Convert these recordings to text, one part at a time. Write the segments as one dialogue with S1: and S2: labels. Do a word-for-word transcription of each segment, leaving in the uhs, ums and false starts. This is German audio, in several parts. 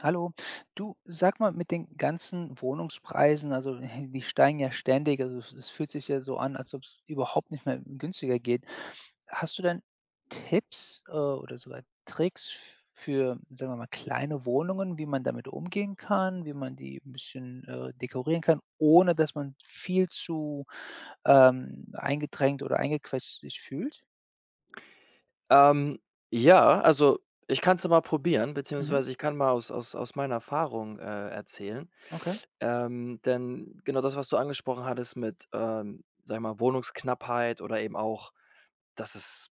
S1: Hallo. Du, sag mal, mit den ganzen Wohnungspreisen, also, die steigen ja ständig, also, es es fühlt sich ja so an, als ob's überhaupt nicht mehr günstiger geht. Hast du denn Tipps, äh, oder sogar Tricks für, sagen wir mal, kleine Wohnungen, wie man damit umgehen kann. Wie man die 'n bisschen, äh, dekorieren kann, ohne dass man viel zu, ähm, eingedrängt oder eingequetscht sich fühlt?
S2: Ähm, ja, also, ich kann's ja mal probieren,
S1: Mhm.
S2: beziehungsweise ich kann mal aus aus aus meiner Erfahrung, äh, erzählen.
S1: Okay.
S2: Ähm, denn genau das, was du angesprochen hattest mit, ähm, sage ich mal, Wohnungsknappheit oder eben auch, dass es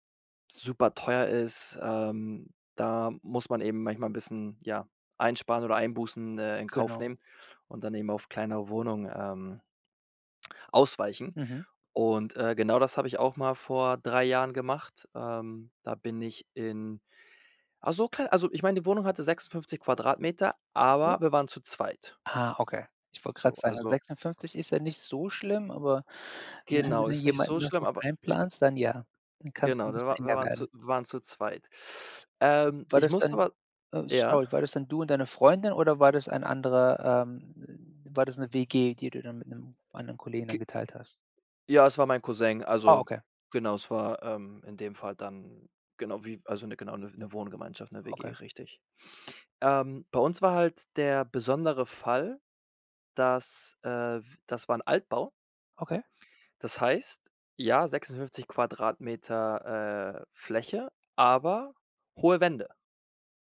S2: superteuer ist, ähm, da muss man eben manchmal 'n bisschen, ja, einsparen oder Einbußen, äh, in Kauf
S1: Genau.
S2: nehmen und dann eben auf kleinere Wohnungen, ähm ausweichen.
S1: Mhm.
S2: Und, äh, genau das habe ich auch mal vor drei Jahren gemacht. Ähm, da bin ich in ach, so klein also, ich meine, die Wohnung hatte sechsundfünfzig Quadratmeter,
S1: Ja.
S2: aber wir waren zu zweit.
S1: Ah, okay, ich wollte gerade
S2: So,
S1: sagen,
S2: also
S1: sechsundfünfzig ist ja nicht so schlimm, aber wenn du
S2: Genau,
S1: dann
S2: ist nicht so
S1: jemanden noch
S2: schlimm,
S1: mit
S2: aber i
S1: einplanst, dann, ja, dann kann's
S2: Genau,
S1: 'n
S2: wir
S1: bisschen
S2: war wir
S1: enger
S2: waren
S1: werden.
S2: zu waren zu zweit. Ähm,
S1: War
S2: ich
S1: das
S2: muss
S1: dann
S2: aber
S1: äh,
S2: ja?
S1: sorry. War das dann du und deine Freundin oder war das ein anderer, ähm war das 'ne WG, die du dann mit 'nem anderen Kollegen dann
S2: Ge
S1: geteilt hast?
S2: Ja, es war mein Cousin.
S1: Ah,
S2: Also,
S1: okay.
S2: genau, es war, ähm, in dem Fall dann genau wie, also, 'ne genau 'ne 'ne Wohngemeinschaft, 'ne
S1: Okay.
S2: WG, richtig. Ähm, bei uns war halt der besondere Fall, dass, äh, w das war 'n Altbau.
S1: Okay.
S2: Das heißt, ja, sechsundfünfzig Quadratmeter, äh, Fläche, aber hohe Wände.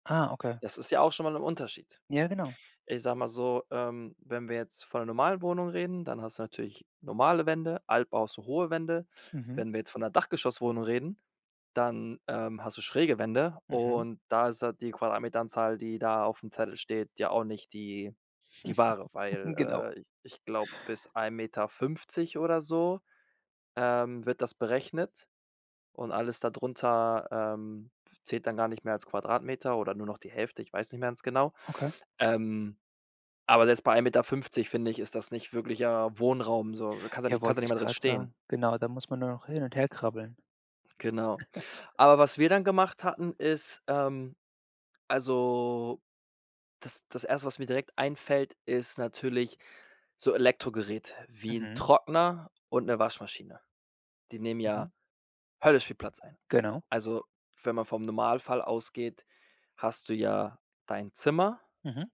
S1: Ah, okay.
S2: Das ist ja auch schon mal 'n Unterschied.
S1: Ja, genau.
S2: Ich sage mal so, ähm, wenn wir jetzt von 'ner normalen Wohnung reden, dann hast du natürlich normale Wände, Altbau hast du hohe Wände.
S1: Mhm.
S2: Wenn wir jetzt von 'ner Dachgeschosswohnung reden, dann, ähm, hast du schräge Wände.
S1: Mhm.
S2: Und da ist halt die Quadratmeteranzahl, die da auf'm Zettel steht ja auch nicht die die wahre, weil,
S1: Genau.
S2: äh, ich glaube, bis ein Meter fünfzig oder so, ähm, wird das berechnet. Und alles dadrunter, ähm, f zählt dann gar nicht mehr als Quadratmeter oder nur noch die Hälfte, ich weiß nicht mehr ganz genau.
S1: Okay.
S2: Ähm, aber selbst bei ein Meter fünfzig, finde ich, ist das nicht wirklicher Wohnraum so, kannst ja
S1: Ja,
S2: nicht kannst ja
S1: wollte
S2: nicht
S1: ich
S2: mal drin
S1: grad
S2: stehen.
S1: sagen. Genau, da muss man nur noch hin und her krabbeln.
S2: Genau. Aber was wir dann gemacht hatten, ist, ähm also, das das Erste was mir direkt einfällt, ist natürlich so Elektrogeräte wie 'n
S1: Mhm.
S2: Trockner und 'ne Waschmaschine. Die nehmen
S1: Mhm.
S2: ja höllisch viel Platz ein.
S1: Genau.
S2: Also, wenn man vom Normalfall ausgeht, hast du ja dein Zimmer
S1: Mhm.